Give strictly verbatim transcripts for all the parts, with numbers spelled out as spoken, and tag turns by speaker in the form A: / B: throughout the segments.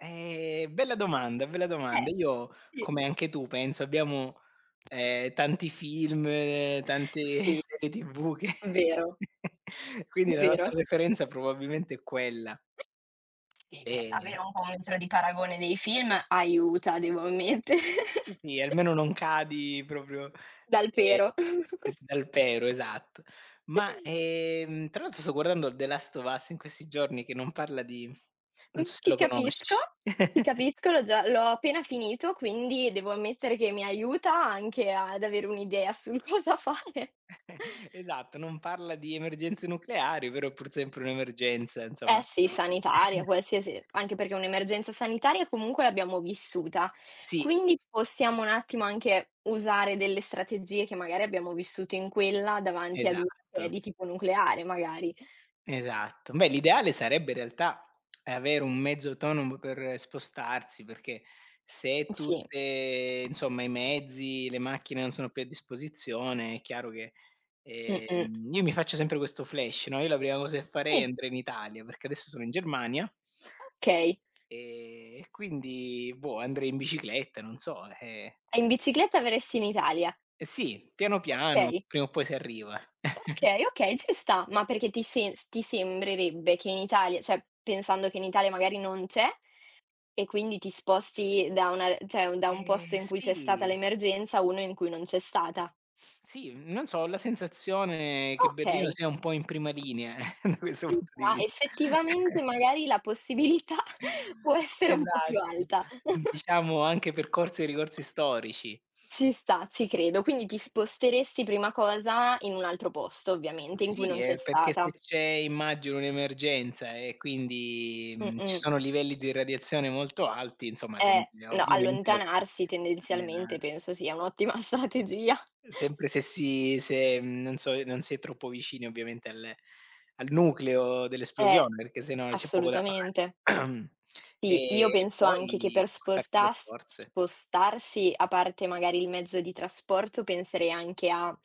A: Eh, bella domanda, bella domanda.
B: Eh.
A: Io,
B: Sì.
A: come anche tu penso, abbiamo, ehm, tante film, tante
B: Sì,
A: serie T-V che
B: vero,
A: quindi la nostra
B: Vero.
A: preferenza probabilmente è quella.
B: Sì, è
A: E
B: davvero un po' metro di paragone dei film aiuta, devo ammettere.
A: Sì, almeno non cadi propio
B: Dal
A: ehm,
B: pero.
A: s dal pero, esatto. Ma, ehm, tra l'altro, sto guardando The Last of Us in questi giorni, che non parla di
B: Mh,
A: non so se
B: ti
A: lo
B: capisco,
A: conosci.
B: ti capisco, l'ho già l'ho appena finito, quindi devo ammettere che mi aiuta anche ad avere un'idea sul cosa fare.
A: Esatto, non parla di emergenze nucleari, però è pur sempre un'emergenza
B: Eh,
A: insomma.
B: sì, sanitaria, qualsiasi, anche perché è un'emergenza sanitaria comunque l'abbiamo vissuta,
A: Sì.
B: quindi possiamo un attimo anche usare delle strategie, che magari abbiamo vissuto in quella, davanti ad una che è
A: Esatto.
B: di tipo nucleare magari.
A: Esatto. Beh l'ideale sarebbe in realtà avere un mezzo autonomo per spostarsi, perché se
B: Sì.
A: tutte insomma i mezzi, le macchine non sono più a disposizione, è chiaro che
B: Mh-mh.
A: ehm, io mi faccio sempre questo flash, no, io la prima cosa che farei
B: Sì.
A: andrei in Italia, perché adesso sono in Germania
B: Okay.
A: e e quindi boh, andrei in bicicletta, non so, eh
B: E in bicicletta verresti in Italia?
A: Eh, sì, piano piano,
B: Okay.
A: prima o poi si arriva.
B: Okay, okay, ci sta. Ma perché ti se ti sembrerebbe che in Italia ceh, pensando che in Italia magari non c'è, e quindi ti sposti da una r ceh, da un posto
A: Eh,
B: in cui c'è stata
A: sì.
B: l'emergenza, a uno in cui non c'è stata?
A: Sì, non so, ho la sensazione che Berlino
B: Okay.
A: sia un po' in prima linea da questo
B: [unintelligible]
A: punto di
B: sta.
A: vist
B: Effettivamente, magari la possibilità può essere un po' più
A: Esatto,
B: alta.
A: diciamo anche per corsi e ricorsi storici.
B: Ci sta, ci credo. Quindi, ti sposteresti prima cosa in un altro posto ovviamente, in cui
A: Sì,
B: non c'è
A: eh, perché se
B: stata.
A: c'è immagino un'emergenza, e quindi, mhmm, ci
B: Mh-mh.
A: sono livelli di radiazione molto alti, insomma tendi
B: Eh, no,
A: ovviamente a
B: allontanarsi tendenzialmente
A: [unintelligible]
B: penso sia un'ottima strategia.
A: sempre se si se, non so, non si è troppo vicini, ovviamente, al al nucleo
B: Eh.
A: dell'esplosione, perché se no c'è poco da
B: Assolutamente.
A: fare.
B: Sì, io
A: E e
B: penso anche che,
A: poi,
B: per
A: portarti le
B: spostas
A: scorze.
B: spostarsi, a parte, magari, il mezzo di trasporto, penserei anche a,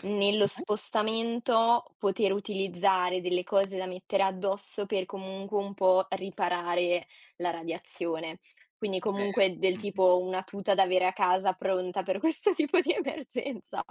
B: nello
A: Mh-mh.
B: spostamento, poter utilizzare delle cose da mettere addosso per, comunque, un po' riparare la radiazione. Quindi,
A: È vero.
B: comunque, del
A: Mh.
B: tipo, una tuta da avere a casa, pronta per questo tipo di emergenza.